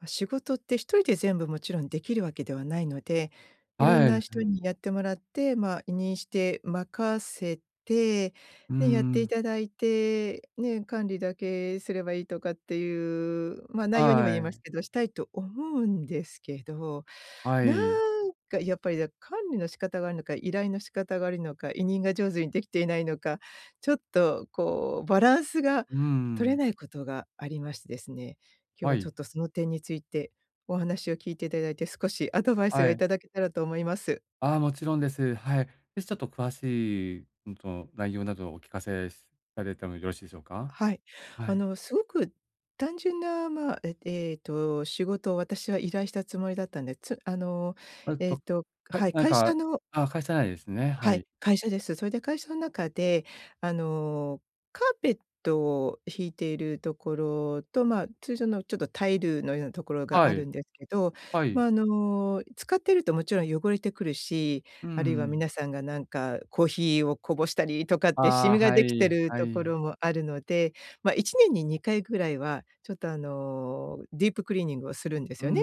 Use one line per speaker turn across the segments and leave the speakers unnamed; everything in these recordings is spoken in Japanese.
ま、仕事って、1人で全部勿論出来る訳ではないので、色
は
んな
い、
人
ん。
にやってもらって、まあ、委任して任せて、
うー
ね、やって
ん。
頂いて、ね、管理だけすればいいとかって言う、ま、内容に
は
も言えま
ー
す
い。
けど、したいと思うんですけど、
は
なん
い。
か、やっぱり、だ、管理の仕方が悪いのか、依頼の仕方が悪いのか、委任が上手に出来ていないのか、ちょっと、こう、バランスが
うー
取れ
ん。
ない事がありましてですね。今日
は
は、ちょ
い。
っと、その点について、お話を聞いて頂いて少しアドバイス
は
が
い。
頂けたらと思います。
ああ、もちろんです。はい。じゃ、ちょっと詳しい、うん、と、内容などお聞かせされてもよろしいでしょうか？
はい。
は
あ
い。
の、凄く単純な、まあ、ええっと仕事を私は依頼したつもりだったんで、つあの、
えっ
えっ
と、
と
はい、
はい、
何
会社
か
の
あ、会社内ですね。
は
は
い、
い。
会社です。それで会社の中で、あの、カーペットをひいている所と、まあ、通常のちょっとタイルのような所があ
は
る
い。
んですけど、
は
ま
い。
あ、あの、使っていると勿論汚れてくるし、
うー
あるいは
ん。
皆さんが、なんかコーヒーをこぼしたりとかってシ
あ
ミ
あ、
が
は
出来て
い
る
はい。
所もあるので、ま、1年に2回ぐらいは、ちょっと、あの、ディープクリーニングをするんです
うー
よね。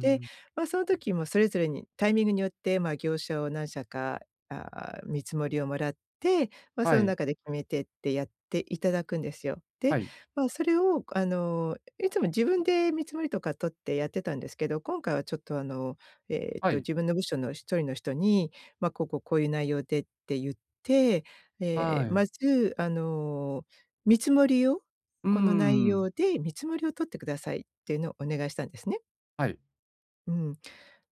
で、まあ、その時もうそれぞれに、タイミングによって、ま、業者を何社か、あ、見積をもらって、ま、そ
は
の
い。
中で決めてってやって頂くんですよ。
は
で、
い。
まあ、それをくあの、いつも自分で見積りとか取ってやってたんですけど、今回はちょっとあの、えっ
は
と、
い。
自分の部署の1人の人に、ま、こうこう、こう言う内容でって言って、ええ、
は
ま
い。
ず、あの、見積りを
うー
この内容
ん。
で見積りを取って下さいって言うのをお願いしたんですね。
はい。
うん。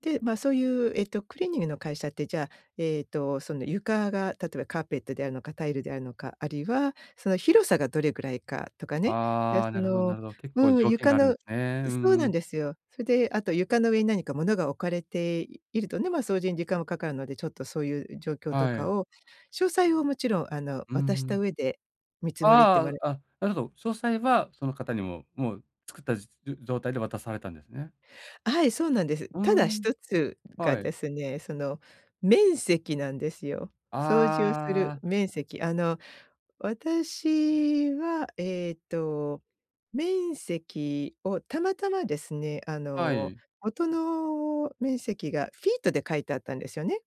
で、ま、そう言う、えっとクリーニングの会社って、じゃあ、えっと、そんで床が、例えば、カーペットであるのか、タイルであるのか、あるいはその広さがどれくらいかとかね。じゃ、
あ
そ
あ、なるほど
の
なるほど。結構
うん、
条件
床
があるん
の
で
う、
すね。う
そう
んう
なん
ん。
ですよ。それで、あと床の上に何か物が置かれていいるとね、ま、掃除に時間も掛かるので、ちょっとそう言う状況と
は
か
い。
を詳細を勿論あの、
うんう
渡した
ん。
上で見積りっても
あ
れ
あ、あ、なるほど。詳細は、その方に、もうもう作った実じょ状態で渡されたんですね。
はい、そうなんです。
うー
ただ
ん、
一つが
はい。
ですね、その面積なんですよ。掃除をす
あ
る
あ。
面積。あの、私は、えっと、面積をたまたまですね、あ
は
の、
い。
元の面積がフィートで書いてあったんですよね。